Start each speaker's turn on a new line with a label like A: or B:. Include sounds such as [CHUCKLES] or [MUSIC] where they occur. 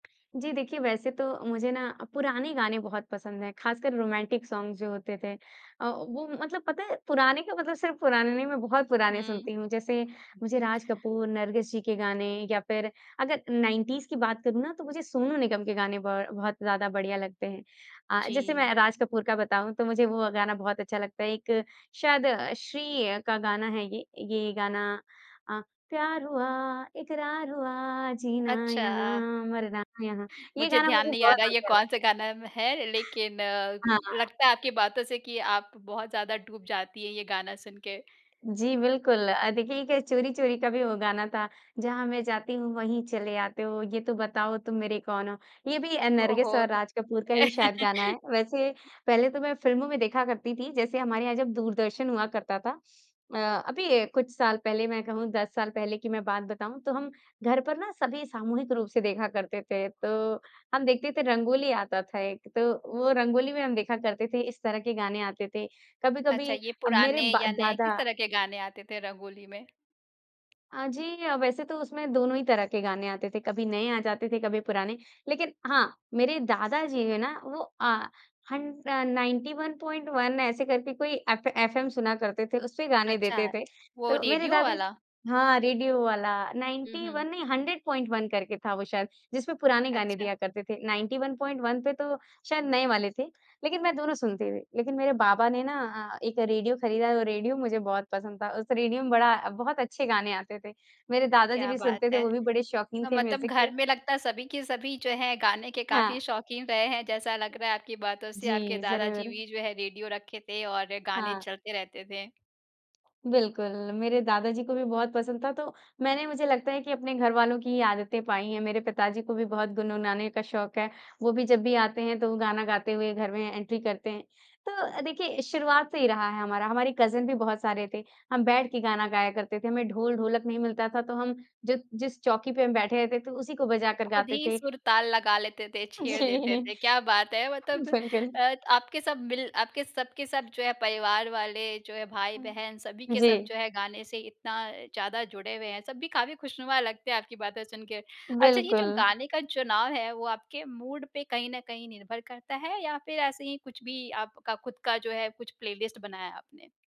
A: जी, देखिए वैसे तो मुझे ना पुराने गाने बहुत पसंद है, खासकर रोमांटिक सॉन्ग्स जो होते थे अ, वो मतलब पता है पुराने का मतलब सिर्फ पुराने नहीं मैं बहुत पुराने
B: हुँ।
A: सुनती हूँ, जैसे मुझे राज कपूर, नरगिस जी के गाने या फिर अगर 90s की बात करूँ ना तो मुझे सोनू निगम के गाने बहु बहुत ज़्यादा बढ़िया लगते हैं। अ, जैसे
B: जी।
A: मैं राज कपूर का बताऊँ तो मुझे वो गाना बहुत अच्छा लगता है एक शायद श्री का गाना है ये, ये गाना अ, प्यार हुआ इकरार हुआ, जीना
B: अच्छा।
A: यहाँ मरना यहाँ ये
B: मुझे
A: गाना
B: ध्यान
A: मुझे
B: नहीं आ रहा है,
A: बहुत
B: ये
A: अच्छा लगता
B: कौन-सा गाना म है, लेकिन
A: हाँ।
B: लगता है आपकी बातों से कि आप बहुत ज़्यादा डूब जाती है, ये गाना सुन के।
A: जी, बिल्कुल अ, देखिए एक चोरी-चोरी का भी वो गाना था जहाँ मैं जाती हूँ वहीं चले आते हो, ये तो बताओ तुम मेरे कौन हो। ये भी नरगिस
B: ओहो।
A: और राज कपूर का ही शायद गाना
B: [CHUCKLES]
A: है, वैसे पहले तो मैं फ़िल्मों में देखा करती थी जैसे हमारे यहाँ जब दूरदर्शन हुआ करता था। अ, अभी कुछ साल पहले मैं कहूँ 10 साल पहले की मैं बात बताऊँ तो हम, घर पर ना सभी सामूहिक रूप से देखा करते थे, तो हम देखते थे रंगोली आता था एक तो वो रंगोली में हम देखा करते थे इस तरह के गाने आते थे
B: अच्छा,
A: कभी-कभी
B: ये
A: अ, मेरे
B: पुराने
A: ब
B: या नए,
A: दादा
B: किस तरह के गाने आते थे रंगोली में?
A: अ, जी वैसे तो उसमें दोनों ही तरह के गाने आते थे, कभी नए आ जाते थे, कभी पुराने। लेकिन हाँ, मेरे दादाजी है ना वो अ, हन अ, 91.1 ऐसे करके कोई एफ एफएम सुना करते थे, उसपे गाने
B: अच्छा,
A: देते थे।
B: वो
A: तो मेरे
B: रेडियो
A: दादा
B: वाला?
A: हाँ, रेडियो वाला
B: हुँ,
A: नाइंटी
B: हुँ।
A: वन नहीं 100.1 करके था वो शायद जिसमें पुराने गाने
B: अच्छा।
A: दिया करते थे। 91.1 पे तो शायद नए वाले थे, लेकिन मैं दोनों सुनती हुँ। लेकिन मेरे बाबा ने ना एक रेडियो खरीदा वो रेडियो मुझे बहुत पसंद था, उस रेडियो में बड़ा बहुत अच्छे गाने आते थे। मेरे दादाजी
B: क्या
A: भी
B: बात
A: सुनते थे
B: है।
A: वो भी बड़े शौकीन थे
B: मतलब
A: म्यूज़िक
B: घर
A: के।
B: में लगता है सभी के सभी जो है, गाने के काफ़ी
A: हाँ।
B: शौकीन रहे हैं, जैसा लग रहा है आपकी बातों से, आपके
A: जी,
B: दादाजी
A: ज़रूर।
B: भी जो है रेडियो रखे थे और गाने
A: हाँ।
B: चलते रहते थे।
A: बिल्कुल, मेरे दादाजी को भी बहुत पसंद था तो मैंने मुझे लगता है कि अपने घरवालों की ही आदतें पाई हैं। मेरे पिताजी को भी बहुत गुनगुनाने का शौक है, वो भी जब भी आते हैं तो वो गाना गाते हुए घर में एंट्री करते हैं। तो देखिए शुरुआत से ही रहा है हमारा, हमारे कज़िन भी बहुत सारे थे। हम बैठ के गाना गाया करते थे, हमें ढोल-ढोलक नहीं मिलता था तो हम जब जिस चौकी पे हम बैठे रहते थे तो उसी को बजाकर
B: खुद
A: गाते
B: ही
A: थे।
B: सुर-ताल लगा लेते थे, छेड़ देते
A: जी,
B: थे। क्या बात है! मतलब
A: बिल्कुल।
B: अ, आपके सब मिल आपके सब के सब जो है परिवार वाले जो है, भाई-बहन सभी के सब
A: जी।
B: जो है गाने से इतना ज़्यादा जुड़े हुए हैं, सब भी काफ़ी खुशनुमा लगते हैं आपकी बातें सुन के। अच्छा ये जो
A: बिल्कुल।
B: गाने का चुनाव है वो आपके मूड पे कहीं न कहीं निर्भर करता है या फिर ऐसे ही कुछ भी आपका खुद का जो है कुछ प्लेलिस्ट बनाया है आपने?